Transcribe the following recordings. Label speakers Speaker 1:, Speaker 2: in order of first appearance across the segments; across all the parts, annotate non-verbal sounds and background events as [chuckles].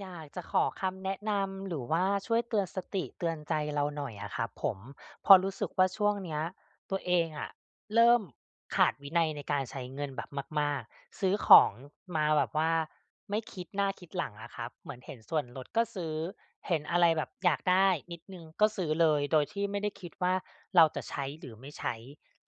Speaker 1: อยากจะขอคำแนะนำ หรือว่าช่วยเตือนสติ เตือนใจเราหน่อยอะครับผม เพราะรู้สึกว่าช่วงเนี้ย ตัวเองอะเริ่มขาดวินัยในการใช้เงินแบบมาก ๆ ซื้อของมาแบบว่าไม่คิดหน้าคิดหลังอะครับ เหมือนเห็นส่วนลดก็ซื้อ เห็นอะไรแบบอยากได้นิดหนึ่งก็ซื้อเลย โดยที่ไม่ได้คิดว่า เราจะใช้หรือไม่ใช้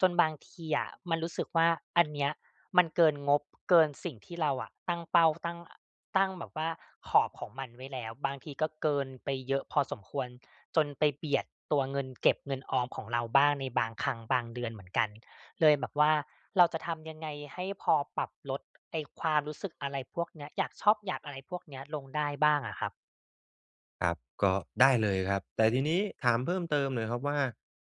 Speaker 1: จนบางทีอะมันรู้สึกว่า อันเนี้ยมันเกินงบ เกินสิ่งที่เราอะตั้งเป้า พ ตั้ง อ ตั้งแบบว่าขอบของมันไว้แล้ว บางทีก็เกินไปเยอะพอสมควร จนไปเบียดตัวเงินเก็บเงินออมของเราบ้างในบางครั้งบางเดือนเหมือนกัน เลยแบบว่าเราจะทำยังไง? ให้พอปรับลดไอ้ความรู้สึกอะไรพวกเนี้ย อยากชอป อยากอะไรพวกเนี้ยลงได้บ้างอะครับ
Speaker 2: ครับ ก็ได้เลยครับ แต่ทีนี้ถามเพิ่มเติมหน่อยครับว่า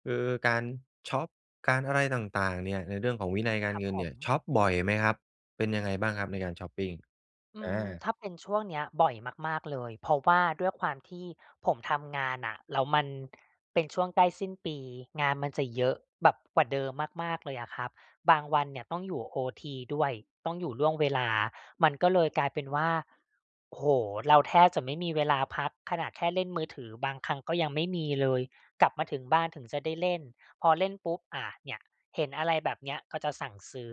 Speaker 2: คือการชอป การอะไรต่าง ๆ เนี่ย ในเรื่องของวินัยกา
Speaker 1: คร
Speaker 2: ร
Speaker 1: ับ
Speaker 2: เงิน
Speaker 1: ผ
Speaker 2: เนี่ยช
Speaker 1: ม
Speaker 2: อปบ่อยไหมครับ? เป็นยังไงบ้างครับในการชอปปิง?
Speaker 1: อื
Speaker 2: อ
Speaker 1: ม
Speaker 2: า
Speaker 1: ถ้าเป็นช่วงเนี้ย บ่อยมาก ๆ เลย เพราะว่าด้วยความที่ผมทำงานน่ะแล้วมัน เป็นช่วงใกล้สิ้นปี งานมันจะเยอะแบบกว่าเดิมมาก ๆ เลยอะครับ บางวันเนี่ยต้องอยู่โอทีด้วย ต้องอยู่ล่วงเวลา มันก็เลยกลายเป็นว่า โอ้โฮ! เราแทบจะไม่มีเวลาพัก ขนาดแค่เล่นมือถือบางครั้งก็ยังไม่มีเลย กลับมาถึงบ้านถึงจะได้เล่น พอเล่นปุ๊บ อา เนี่ย เห็นอะไรแบบเนี้ยก็จะสั่งซื้อ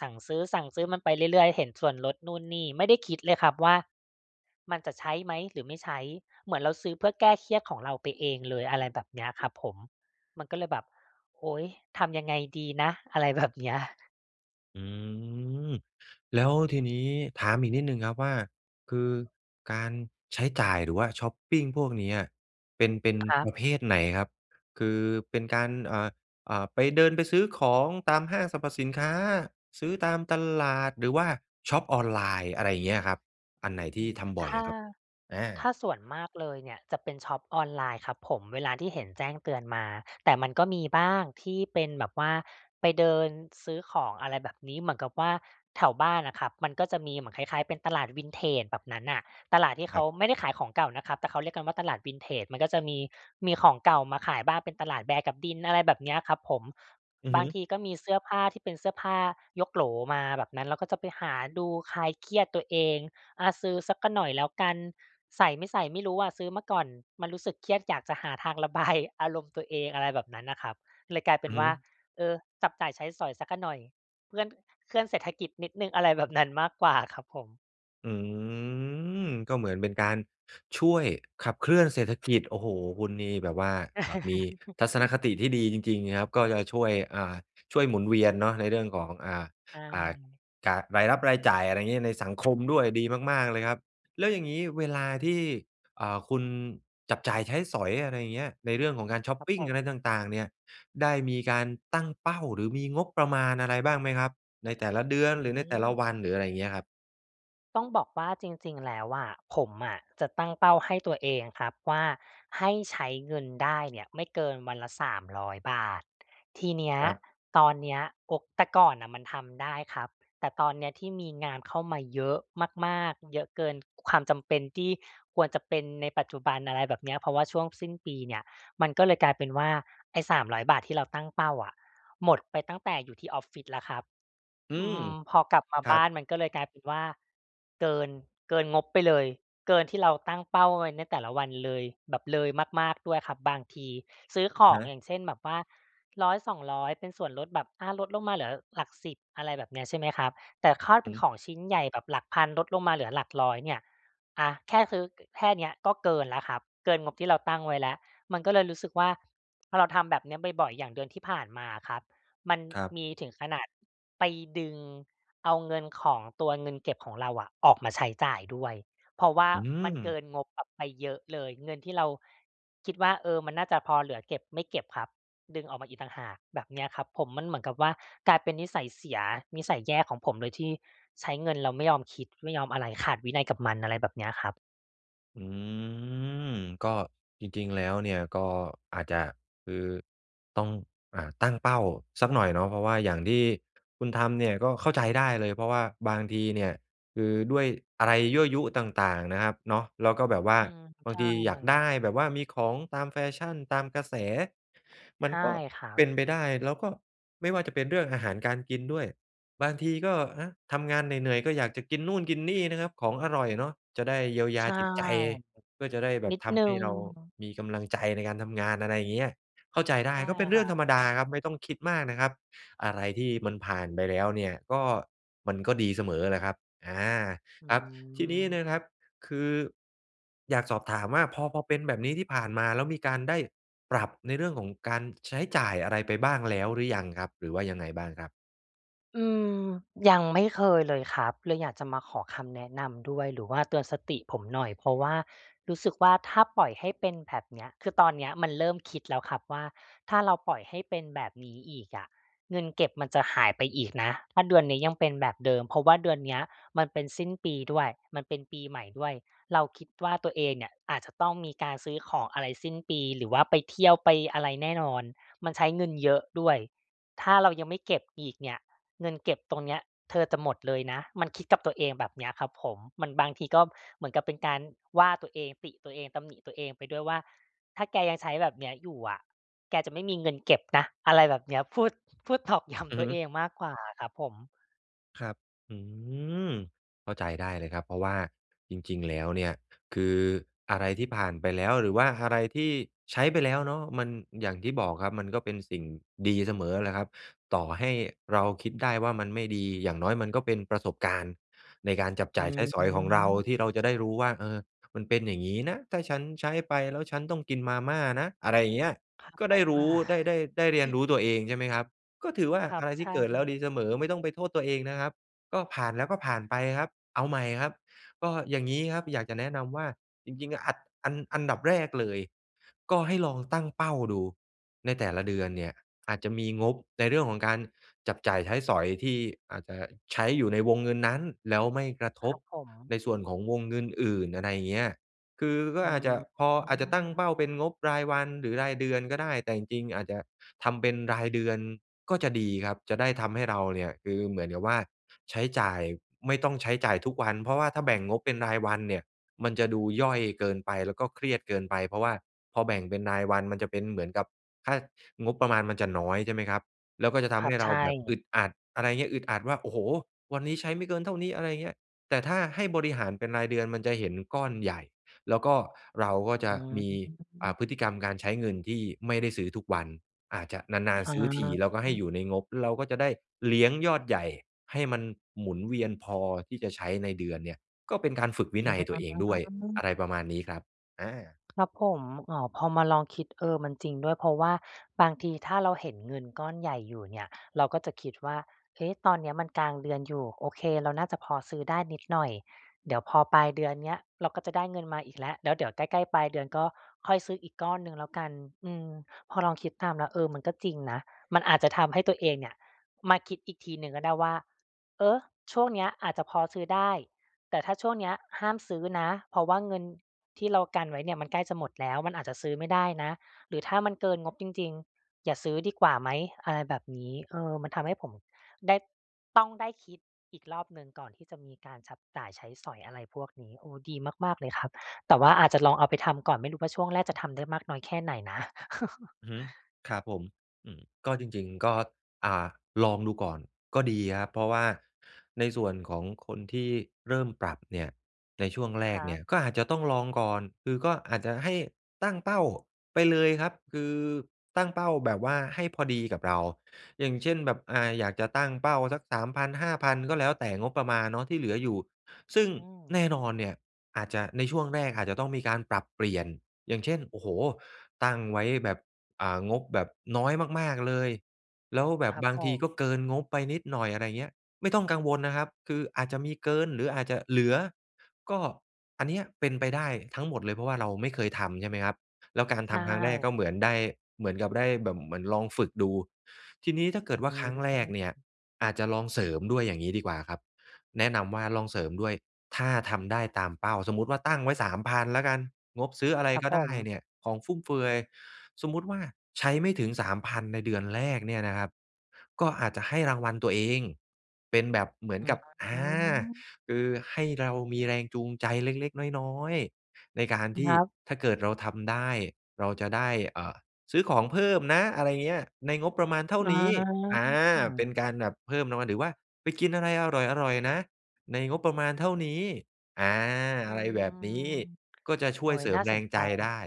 Speaker 1: สั่งซื้อ ๆ มันไปเรื่อย ๆ เห็นส่วนลดนู่นนี่ ไม่ได้คิดเลยครับว่า มันจะใช้ไหม? หรือไม่ใช้? เหมือนเราซื้อเพื่อแก้เครียดของเราไปเองเลย อะไรแบบเนี้ยครับผม มันก็เลยแบบ "โอ๊ย! ทำยังไงดีนะ?" อะไร แบบเนี้ย
Speaker 2: อือ แล้วทีนี้ ถามอีกนิดหนึ่งครับว่า คือการใช้จ่าย หรือว่าช็อปปิงพวกเนี้ย เป็น เป็น
Speaker 1: ครั
Speaker 2: ป
Speaker 1: บ
Speaker 2: ระเภทไหนครับ? คือเป็นการ อ่า อ่า ไป เดินไปซื้อของตามห้างสรรพสินค้า ซื้อตามตลาด หรือว่าช็อปออนไลน์ อะไรอย่างเงี้ยครับ อัน
Speaker 1: อ
Speaker 2: ไหนท
Speaker 1: ื
Speaker 2: ี่
Speaker 1: อ
Speaker 2: ทำบ่
Speaker 1: ถ
Speaker 2: อย
Speaker 1: ้
Speaker 2: อ
Speaker 1: า
Speaker 2: ะครับ? อ
Speaker 1: ถ
Speaker 2: า
Speaker 1: ้าส่วนมากเลยเนี่ย จะเป็นช็อปออนไลน์ครับผม เวลาที่เห็นแจ้งเตือนมา แต่มันก็มีบ้างที่เป็นแบบว่าไปเดินซื้อของ อะไรแบบนี้ เหมือนกับว่าแถวบ้านอะครับ มันก็จะมีเหมือนคล้าย ๆ เป็นตลาด Vintage แบบนั้นน่ะ ตลาดที่เข
Speaker 2: คร
Speaker 1: า
Speaker 2: ับ
Speaker 1: ไม่ได้ขายของเก่านะครับ แต่เขาเรียกกันว่า ตลาด Vintage มันก็จะมี มีของเก่ามาขายบ้าง เป็นตลาดแบกับดิน อะไรแบบนี้อะครับผม
Speaker 2: อือ
Speaker 1: บ
Speaker 2: ฮ
Speaker 1: า
Speaker 2: ึ
Speaker 1: งทีก็มีเสื้อผ้าที่เป็นเสื้อผ้ายกโหลมาแบบนั้น แล้วก็จะไปหาดูคลายเครียดตัวเอง อา ซื้อสักหน่อยแล้วกัน ใส่ไม่ใส่ไม่รู้อะซื้อมาก่อน มันรู้สึกเครียดอยากจะหาทาง ระบาย อารมณ์ตัวเอง อะไรแบบนั้นน่ะครับ เลยกลายเป
Speaker 2: อ
Speaker 1: ็
Speaker 2: ื
Speaker 1: น
Speaker 2: อฮ
Speaker 1: ว่า
Speaker 2: ึ
Speaker 1: เออ จับจ่ายใช้สอยสักหน่อย เคลื่อน เคลื่อนเศรษฐกิจนิดหนึ่งอะไร แบบนั้นมากกว่า ครับผม
Speaker 2: อืม ก็เหมือนเป็นการช่วยขับเคลื่อนเศรษฐกิจ โอ้โฮ คุณนี่แบบว่า เอ่อ มีทัศนคติ
Speaker 1: [chuckles]
Speaker 2: ที่ดีจริง ๆ ครับ ก็จะช่วย อ่า ช่วยหมุนเวียนเนาะในเรื่องของ อ่า
Speaker 1: ใช
Speaker 2: อ่า
Speaker 1: ่
Speaker 2: กา รายรับรายจ่าย อะไรเงี้ยในสังคม ด้วย ดีมาก ๆ เลยครับ แล้วอย่างงี้เวลาที่ อ่า คุณจับจ่ายใช้สอย อะไรอย่างเงี้ย ในเรื่องของการช็อป
Speaker 1: ครับ
Speaker 2: ปิ
Speaker 1: ผ
Speaker 2: งอะไร
Speaker 1: ม
Speaker 2: ต่าง ๆ เนี่ย ได้มีการตั้งเป้า หรือมีงบประมาณอะไรบ้างไหมครับ? ในแต่ละเดือน
Speaker 1: อื
Speaker 2: หรือในแต่ละ
Speaker 1: ม
Speaker 2: วัน หรืออะไรอย่างเงี้ยครับ
Speaker 1: ต้องบอกว่าจริง ๆ แล้วอะ ผมอะจะตั้งเป้าให้ตัวเองครับว่า ให้ใช้เงินได้เนี่ยไม่เกินวันละ 300 บาท ทีเนี้ย
Speaker 2: ครับ
Speaker 1: ตอนเนี้ย อก แต่ก่อนน่ะมันทำได้ครับ แต่ตอนเนี้ยที่มีงานเข้ามา เยอะ มาก ๆ เยอะเกินความจำเป็นที่ควรจะเป็นในปัจจุบัน อะไรแบบเนี้ย เพราะว่าช่วงสิ้นปีเนี่ย มันก็เลยกลายเป็นว่า ไอ้ 300 บาทที่เราตั้งเป้าอะ หมดไปตั้งแต่อยู่ที่ออฟฟิศแล้วครับ
Speaker 2: อื
Speaker 1: อื
Speaker 2: ม
Speaker 1: ม พอกลับมา
Speaker 2: คร
Speaker 1: บ
Speaker 2: ั
Speaker 1: ้
Speaker 2: บ
Speaker 1: านมันก็เลยกลายเป็นว่า เกิน เกินงบไปเลย เกินที่เราตั้งเป้าไว้ในแต่ละวันเลย แบบเลยมาก ๆ ด้วยครับ บางทีซื้อข
Speaker 2: อะ
Speaker 1: อ
Speaker 2: ฮ
Speaker 1: ง อ
Speaker 2: ะ
Speaker 1: ย่างเช่น แบบว่า 100-200 ร้อย เป็นส่วนลดแบบ อะ ลดลงมาเหลือหลักสิบ อะไรแบบเนี้ย ใช่ไหมครับ แต่คาดเ
Speaker 2: อ
Speaker 1: ป
Speaker 2: ื
Speaker 1: ็
Speaker 2: อ
Speaker 1: น
Speaker 2: ฮึ
Speaker 1: ของชิ้นใหญ่แบบหลักพัน ลดลงมาเหลือหลักร้อยเนี่ย อะ แค่ซื้อ ก แค่เนี้ยก็เกินแล้วครับ เกินงบที่เราตั้งไว้แล้ว มันก็เลยรู้สึกว่า เราทำแบบเนี้ยบ่อย ๆ อย่างเดือนที่ผ่านมาอะครับ มัน
Speaker 2: ครับ
Speaker 1: มีถึงขนาดไปดึงเอาเงินของตัวเงินเก็บของเราอะออกมาใช้จ่ายด้วย เพราะว่า
Speaker 2: อื
Speaker 1: มันเก
Speaker 2: ม
Speaker 1: ินงบแบบไปเยอะเลย เงินที่เราคิดว่า เออ มันน่าจะพอเหลือเก็บ ไม่เก็บครับ ดึงออกมาอีกต่างหาก แบบเนี้ยครับผม มันเหมือนกับว่ากลายเป็นนิสัยเสีย นิสัยแย่ของผมเลยที่ใช้เงินเราไม่ยอมคิด ไม่ยอมอะไร ขาดวินัยกับมัน อะไรแบบเนี้ยครับ
Speaker 2: อืม ก็จริง ๆ แล้วเนี่ยก็อาจจะคือต้อง อ่า ตั้งเป้าสักหน่อยเนาะ เพราะว่าอย่างที่คุณทำเนี่ยก็เข้าใจได้เลย เพราะว่าบางทีเนี่ย คือด้วยอะไรยั่วยุต่าง ๆ นะครับเนาะ แล้วก็แบบว่า
Speaker 1: อืม
Speaker 2: บ
Speaker 1: ใช
Speaker 2: างทีอยากได
Speaker 1: ่
Speaker 2: ้ แบบว่ามีของตามแฟชั่น ตามกระแส มั
Speaker 1: ใช
Speaker 2: น
Speaker 1: ่
Speaker 2: ก็
Speaker 1: ครั
Speaker 2: เป
Speaker 1: บ
Speaker 2: ็นไปได้ แล้วก็ไม่ว่าจะเป็นเรื่องอาหารการกินด้วย บางทีก็ อะ ทำงานเหนื่อย ๆ ก็อยากจะกินนู่นกินนี่นะครับ ของอร่อยเนาะจะได้เยียวย
Speaker 1: ใช
Speaker 2: า
Speaker 1: ่
Speaker 2: จิตใจ ก็จะได้แบ
Speaker 1: น
Speaker 2: บ
Speaker 1: ิด
Speaker 2: ท
Speaker 1: หนึ
Speaker 2: ำ
Speaker 1: ่
Speaker 2: ให้
Speaker 1: ง
Speaker 2: เรามีกำลังใจในการทำงาน อะไรเงี้ย เข้าใจได
Speaker 1: ใช
Speaker 2: ้
Speaker 1: ่
Speaker 2: ก็เป็น
Speaker 1: ค
Speaker 2: เรื
Speaker 1: ร
Speaker 2: ่
Speaker 1: ั
Speaker 2: องธ
Speaker 1: บ
Speaker 2: รรมดา ครับ ไม่ต้องคิดมากนะครับ อะไรที่มันผ่านไปแล้วเนี่ย ก็มันก็ดีเสมอแหละครับ อา
Speaker 1: อื
Speaker 2: ครับ ทีนี้นะครั
Speaker 1: ม
Speaker 2: บ คืออยากสอบถามว่า พอ พอเป็นแบบนี้ที่ผ่านมา แล้วมีการได้ปรับในเรื่องของการใช้จ่ายอะไรไปบ้างแล้วหรือยังครับ? หรือว่ายังไงบ้างครับ?
Speaker 1: อืม ยังไม่เคยเลยครับ เลยอยากจะมาขอคำแนะนำด้วย หรือว่าเตือนสติผมหน่อย เพราะว่ารู้สึกว่า ถ้าปล่อยให้เป็นแบบเนี้ย คือตอนเนี้ยมันเริ่มคิดแล้วครับว่า "ถ้าเราปล่อยให้เป็นแบบนี้อีกอะเงินเก็บมันจะหายไปอีกนะ ถ้าเดือนนี้ยังเป็นแบบเดิม เพราะว่าเดือนเนี้ยมันเป็นสิ้นปีด้วย มันเป็นปีใหม่ด้วย เราคิดว่า ตัวเองเนี่ยอาจจะต้องมีการซื้อของอะไรสิ้นปี หรือว่าไปเที่ยวไปอะไรแน่นอน มันใช้เงินเยอะด้วย ถ้าเรายังไม่เก็บอีกเนี่ยเงินเก็บตรงเนี้ยเธอจะหมดเลยนะ" มันคิดกับตัวเองแบบเนี้ยครับผม มัน บางทีก็เหมือนกับเป็นการว่าตัวเอง ติตัวเอง ตำหนิตัวเองไปด้วยว่า "ถ้าแกยังใช้แบบเนี้ยอยู่อะ แกจะไม่มีเงิน เก็บนะ" อะไรแบบเนี้ย พูด พูด ตอกย้
Speaker 2: อื
Speaker 1: ำ ต
Speaker 2: อ
Speaker 1: ั
Speaker 2: ฮ
Speaker 1: ว
Speaker 2: ึ
Speaker 1: เองมากกว่าอะครับผม
Speaker 2: ครับ อืม เข้าใจได้เลยครับ เพราะว่าจริง ๆ แล้วเนี่ยคืออะไรที่ผ่านไปแล้วหรือว่าอะไรที่ใช้ไปแล้วเนาะ มัน อย่างที่บอกครับ มันก็เป็นสิ่งดีเสมอแหละครับ ต่อให้เราคิดได้ว่า มันไม่ดี อย่างน้อยมันก็เป็นประสบการณ์ในการจับ
Speaker 1: อ
Speaker 2: จ
Speaker 1: ื
Speaker 2: ่ายใช้
Speaker 1: อ
Speaker 2: ส
Speaker 1: ฮ
Speaker 2: อยของ
Speaker 1: ึ
Speaker 2: เรา ที่เราจะได้รู้ว่า "เออ มันเป็นอย่างงี้นะ ถ้าฉันใช้ไปแล้วฉันต้องกินมาม่านะ" อะไรเงี้ย
Speaker 1: ครับ
Speaker 2: ก็
Speaker 1: ผ
Speaker 2: ได้
Speaker 1: ม
Speaker 2: ร
Speaker 1: อ
Speaker 2: ู
Speaker 1: า
Speaker 2: ้ ได้ ได้ ได้เรียนรู้ตัวเอง
Speaker 1: [chuckles]
Speaker 2: ใช่ไหมครับ ก็ถือว่า
Speaker 1: ครั
Speaker 2: อ
Speaker 1: บ
Speaker 2: ะไรท
Speaker 1: ใช
Speaker 2: ี่เกิดแล้
Speaker 1: ่
Speaker 2: วดีเสมอ ไม่ต้องไปโทษตัวเองนะครับ ก็ผ่านแล้วก็ผ่านไปครับ เอาใหม่ครับ ก็อย่างงี้ครับอยากจะแนะนำว่า จริง ๆ อะอัด อัน อันดับแรกเลยก็ให้ลองตั้งเป้าดูในแต่ละเดือนเนี่ย อาจจะมีงบในเรื่องของการจับจ่ายใช้สอยที่อาจจะใช้อยู่ในวงเงินนั้น แล้วไม่กระ
Speaker 1: ค
Speaker 2: ท
Speaker 1: ร
Speaker 2: บ
Speaker 1: ับผม
Speaker 2: ในส่วนของวงเงินอื่น อะไรเงี้ย คือก็
Speaker 1: อื
Speaker 2: อาจจะพอ อาจจะตั้งเ
Speaker 1: ม
Speaker 2: ป้าเป็นงบรายวันหรือรายเดือนก็ได้ แต่จริง ๆ อาจจะทำเป็นรายเดือนก็จะดีครับ จะได้ทำให้เราเนี่ยคือเหมือนกับว่า ใช้จ่าย ไม่ต้องใช้จ่ายทุกวัน เพราะว่าถ้าแบ่งงบเป็นรายวันเนี่ยมันจะดูย่อยเกินไป แล้วก็เครียดเกินไป เพราะว่าพอแบ่งเป็นรายวันมันจะเป็นเหมือนกับ ถ้า งบประมาณมันจะน้อยใช่ไหมครับ แล้วก็จะท
Speaker 1: คร
Speaker 2: ำ
Speaker 1: ั
Speaker 2: ให
Speaker 1: บ
Speaker 2: ้
Speaker 1: ใ
Speaker 2: เ
Speaker 1: ช
Speaker 2: ราแบบอ
Speaker 1: ่
Speaker 2: ึดอัด อะไรเงี้ย อึดอัดว่า โอ้โฮ! วันนี้ใช้ไม่เกินเท่านี้ อะไรเงี้ย แต่ถ้าให้บริหารเป็นรายเดือนมันจะเห็นก้อนใหญ่ แล้วก็เราก็จ
Speaker 1: อ
Speaker 2: ะ
Speaker 1: ื
Speaker 2: มี อ่า
Speaker 1: ม
Speaker 2: พฤติกรรมการใช้เงินที่ไม่ได้ซื้อทุกวัน อาจจะนาน
Speaker 1: อ
Speaker 2: ๆ ซื้อทีแล้วก็ให้
Speaker 1: า
Speaker 2: อยู่ในงบ เราก็จะได้เลี้ยงยอดใหญ่ให้มันหมุนเวียนพอที่จะใช้ในเดือนเนี่ย ก็เป็นการฝึกวินัย
Speaker 1: อ
Speaker 2: ตัวเองด้วย อ
Speaker 1: า
Speaker 2: ะไรประมาณนี้ครับ อา
Speaker 1: ครับผม อ๋อ พอมาลองคิด เออ มันจริงด้วย เพราะว่าบางทีถ้าเราเห็นเงินก้อนใหญ่อยู่เนี่ยเราก็จะคิดว่า "เอ๊ะ ตอนเนี้ยมันกลางเดือนอยู่ โอเค เราน่าจะพอซื้อได้นิดหน่อย เดี๋ยวพอปลายเดือนเนี้ย เราก็จะได้เงินมาอีกแล้ว แล้วเดี๋ยวใกล้ ๆ ปลายเดือนก็ค่อยซื้ออีกก้อนหนึ่งแล้วกัน" อืม พอลองคิดตามแล้ว เออ มันก็จริงนะ มันอาจจะทำให้ตัวเองเนี่ยมาคิดอีกทีหนึ่งก็ได้ว่า "เออ ช่วงนี้อาจจะพอซื้อได้ แต่ถ้าช่วงเนี้ยห้ามซื้อนะ เพราะว่าเงินที่เรากันไว้เนี่ยมันใกล้จะหมดแล้ว มันอาจจะซื้อไม่ได้นะ หรือถ้ามันเกินงบจริง ๆ อย่าซื้อดีกว่าไหม?" อะไรแบบนี้ เออ มันทำให้ผมได้ ต้อง ได้คิดอีกรอบหนึ่งก่อนที่จะมีการฉับจ่ายใช้สอยอะไรพวกนี้ โอ้ ดีมาก ๆ เลยครับ แต่ว่าอาจจะลองเอาไปทำก่อน ไม่รู้ว่า ช่วงแรกจะทำได้มากน้อยแค่ไหนนะ [chuckles]
Speaker 2: อือฮึ ครับผม อืม ก็จริง ๆ ก็ อ่า ลองดูก่อนก็ดีครับ เพราะว่าในส่วนของคนที่เริ่มปรับเนี่ย ในช่วงแร
Speaker 1: ค
Speaker 2: ก
Speaker 1: รั
Speaker 2: เนี่ย
Speaker 1: บ
Speaker 2: ก็อาจจะต้องลองก่อน คือก็อาจจะให้ตั้งเป้าไปเลยครับ คือตั้งเป้าแบบว่าให้พอดีกับเรา อย่างเช่น แบบ อ่า อยากจะตั้งเป้าสัก 3000 5000 ก็แล้วแต่งบประมาณเนาะที่เหลืออยู่ ซึ่ง
Speaker 1: อืม
Speaker 2: แน่นอนเนี่ยอาจจะ ในช่วงแรกอาจจะต้องมีการปรับเปลี่ยน อย่างเช่น โอ้โฮ! ตั้งไว้แบบ อ่า งบแบบน้อยมาก ๆ เลย แล้วแบ
Speaker 1: ค
Speaker 2: บ
Speaker 1: รับ
Speaker 2: บา
Speaker 1: ผ
Speaker 2: งที
Speaker 1: ม
Speaker 2: ก็เกินงบไปนิดหน่อย อะไรเงี้ย ไม่ต้องกังวลนะครับ คืออาจจะมีเกินหรืออาจจะเหลือ ก็ อันเนี้ยเป็นไปได้ทั้งหมดเลย เพราะว่าเราไม่เคยทำใช่ไหมครับ แล้วการ
Speaker 1: ใช
Speaker 2: ทำครั้งแรก
Speaker 1: ่
Speaker 2: ก็เหมือนได้ เหมือนกับได้แบบเหมือนลองฝึกดู ทีนี้ถ้าเกิดว
Speaker 1: อ
Speaker 2: ่
Speaker 1: ื
Speaker 2: า ครั้งแรก
Speaker 1: ม
Speaker 2: เนี่ยอาจจะลองเสริมด้วยอย่างงี้ดีกว่าครับ แนะนำว่า ลองเสริมด้วยถ้าทำได้ตามเป้า สมมุติว่าตั้งไว้ 3000 แล้วกัน งบซื้ออะไร
Speaker 1: ครับ
Speaker 2: ก็
Speaker 1: ผ
Speaker 2: ได้
Speaker 1: ม
Speaker 2: เนี่ย ของฟุ่มเฟือย สมมุติว่าใช้ไม่ถึง 3000 ในเดือนแรกเนี่ยนะครับ ก็อาจจะให้รางวัลตัวเองเป็นแบบเหมือ
Speaker 1: อ
Speaker 2: น
Speaker 1: ื
Speaker 2: กับ อา
Speaker 1: ม
Speaker 2: คือให้เรามีแรงจูงใจเล็ก ๆ น้อย ๆ ในการท
Speaker 1: ค
Speaker 2: ี่
Speaker 1: รับ
Speaker 2: ถ้าเกิดเราทำได้ เราจะได้ เอ่อ ซื้อของเพิ่มนะ อะไรเงี้ย ในงบประมาณเท่า
Speaker 1: อ๋
Speaker 2: นี้ อา เป็น
Speaker 1: อ
Speaker 2: การแบบเพิ่มรางวัล หรือว่าไปกินอะไรอร่อย ๆ นะ ในงบประมาณเท่านี้ อา
Speaker 1: อื
Speaker 2: อะไร
Speaker 1: ม
Speaker 2: แบบนี้ ก็จะช
Speaker 1: โอ
Speaker 2: ่
Speaker 1: ้
Speaker 2: วย
Speaker 1: ย
Speaker 2: เสริ
Speaker 1: น่
Speaker 2: ม
Speaker 1: า
Speaker 2: แ
Speaker 1: ส
Speaker 2: ร
Speaker 1: น
Speaker 2: ง
Speaker 1: ใ
Speaker 2: ใ
Speaker 1: จ
Speaker 2: จได้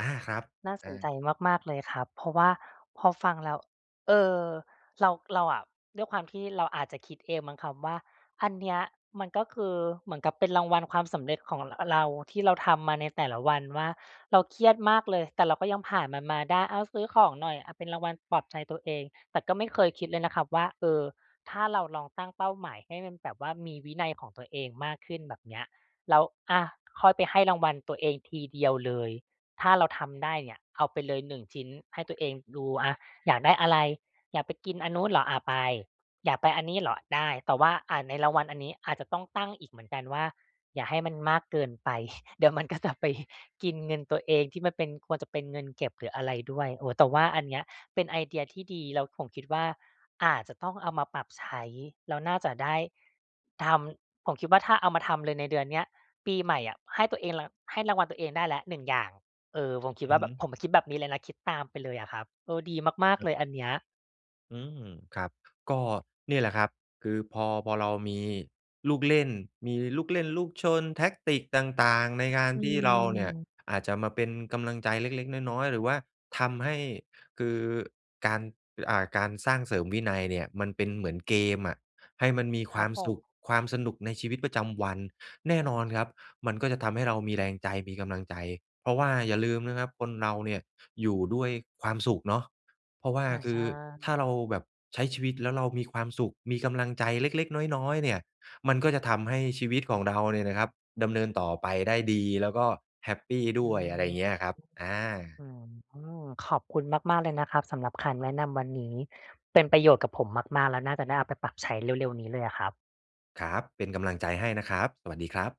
Speaker 2: อา ครับ
Speaker 1: น่าส
Speaker 2: อ
Speaker 1: นใจ
Speaker 2: า
Speaker 1: มาก ๆ เลยครับ เพราะว่าพอฟังแล้ว อ เออ เรา เราอะ ด้วยความที่เราอาจจะคิดเองมั้งครับว่า อันเนี้ยมันก็คือเหมือนกับเป็นรางวัลความสำเร็จของ อะ เราที่เราทำมาในแต่ละวันว่า เราเครียดมากเลย แต่เราก็ยังผ่านมันมาได้ อ้าว ซื้อของหน่อย อะ เป็นรางวัลปลอบใจตัวเอง แต่ก็ไม่เคยคิดเลยนะครับว่า เออ ถ้าเราลองตั้งเป้าหมายให้มันแบบว่ามีวินัยของตัวเองมากขึ้น แบบเนี้ย แล้ว อะ ค่อยไปให้รางวัลตัวเองทีเดียวเลย ถ้าเราทำได้เนี่ยเอาไปเลยหนึ่งชิ้นให้ตัวเองดูอะ อยากได้อะไร อยากไปกินอันนู้นเหรอ? อะ ไป อยากไปอันนี้เหรอ? ได้ แต่ว่า อะ ในรางวัลอันนี้อาจจะต้องตั้งอีกเหมือนกันว่า อย่าให้มันมากเกินไป [chuckles] เดี๋ยวมันก็จะไป กินเงินตัวเองที่มันเป็น ควรจะเป็นเงินเก็บหรืออะไรด้วย โอ้ แต่ว่าอันเนี้ยเป็นไอเดียที่ดีแล้วผมคิดว่า อาจจะต้องเอามาปรับใช้แล้วน่าจะได้ ทำ ผมคิดว่า ถ้าเอามาทำเลยในเดือนเนี้ย ปีใหม่อะ ให้ตัวเอง ร ให้รางวัลตัวเองได้แล้วหนึ่งอย่าง เออ ผมคิด
Speaker 2: อ
Speaker 1: ว
Speaker 2: ื
Speaker 1: ่า
Speaker 2: อ
Speaker 1: แบ
Speaker 2: ฮ
Speaker 1: บ
Speaker 2: ึ
Speaker 1: ผมอะคิดแบบนี้เลยนะ คิดตามไปเลยอะครับ เออ ดีมาก
Speaker 2: ค
Speaker 1: ๆ
Speaker 2: ร
Speaker 1: เ
Speaker 2: ั
Speaker 1: ล
Speaker 2: บ
Speaker 1: ยอันเนี้ย
Speaker 2: อืม ครับ ก็เนี่ยแหละครับ คือพอ พอเรามีลูกเล่น มีลูกเล่นลูกชน แทกติก ต่าง ๆ ในการ
Speaker 1: อื
Speaker 2: ที่เราเนี่ย
Speaker 1: ม
Speaker 2: อาจจะมาเป็นกำลังใจเล็ก ๆ น้อย ๆ หรือว่าทำให้ คือการ อ่า การสร้างเสริมวินัยเนี่ยมันเป็นเหมือนเกมอะ ให้มันมี
Speaker 1: ค
Speaker 2: ค
Speaker 1: ร
Speaker 2: ว
Speaker 1: ั
Speaker 2: า
Speaker 1: บ
Speaker 2: ม
Speaker 1: ผ
Speaker 2: ส
Speaker 1: ม
Speaker 2: ุข ความสนุกในชีวิตประจำวัน แน่นอนครับ มันก็จะทำให้เรามีแรงใจมีกำลังใจ เพราะว่าอย่าลืมนะครับคนเราเนี่ยอยู่ด้วยความสุขเนาะ เพราะว่า
Speaker 1: อา
Speaker 2: ค
Speaker 1: ใช
Speaker 2: ื
Speaker 1: ่
Speaker 2: อ ถ้าเราแบบใช้ชีวิตแล้วเรามีความสุข มีกำลังใจเล็ก ๆ น้อย ๆ เนี่ย มันก็จะทำให้ชีวิตของเราเนี่ยนะครับดำเนินต่อไปได้ดี แล้วก็แฮปปีด
Speaker 1: อื
Speaker 2: ้วย อะไร
Speaker 1: ม
Speaker 2: เงี้ยครับ อา
Speaker 1: อืม ขอบคุณมาก ๆ เลยนะครับ สำหรับคำแนะนำวันนี้ เป็นประโยชน์กับผมมาก ๆ แล้วน่าจะได้เอาไปปรับใช้เร็ว ๆ นี้เลยอะครับ
Speaker 2: ครับ เป็นกำลังใจให้นะครับ สวัสดีครับ